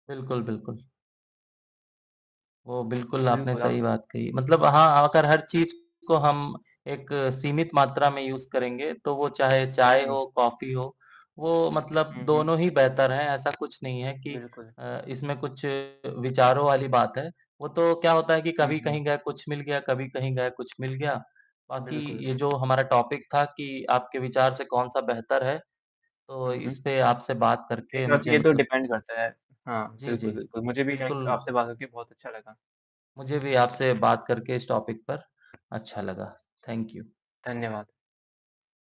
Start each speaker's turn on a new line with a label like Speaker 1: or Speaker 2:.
Speaker 1: बिल्कुल, बिल्कुल। वो बिल्कुल आपने
Speaker 2: बिल्कुल आप
Speaker 1: सही बात कही, मतलब हाँ, अगर हर चीज़ को हम एक सीमित मात्रा में यूज़ करेंगे तो वो चाहे चाय
Speaker 2: हुँ।
Speaker 1: हो, कॉफ़ी हो वो मतलब
Speaker 2: हुँ, हुँ।
Speaker 1: दोनों ही बेहतर हैं, ऐसा कुछ नहीं है कि
Speaker 2: बिल्कुल।
Speaker 1: अ, इसमें कुछ विचारों वाली बात है। वो तो क्या होता है कि
Speaker 2: हुँ,
Speaker 1: कभी
Speaker 2: हुँ।
Speaker 1: कहीं गया कुछ मिल गया, कभी कहीं गये कुछ मिल गया, बाकी
Speaker 2: बिल्कुल।
Speaker 1: ये जो हमारा टॉपिक था कि आपके विचार से कौन-सा बेहतर है, तो
Speaker 2: हुँ,
Speaker 1: इस
Speaker 2: हुँ।
Speaker 1: पे आपसे बात
Speaker 2: जी,
Speaker 1: करके
Speaker 2: काफ़ी
Speaker 1: मुझे
Speaker 2: ये तो
Speaker 1: मतलब
Speaker 2: डिपेंड करता है। हाँ,
Speaker 1: जी, जी।
Speaker 2: बिल्कुल, बिल्कुल। मुझे भी
Speaker 1: बिल्कुल।
Speaker 2: लाइक आपसे बात हो के बहुत अच्छा लगा।
Speaker 1: मुझे भी आपसे बात करके इस टॉपिक पर अच्छा लगा, थैंक यू
Speaker 2: धन्यवाद।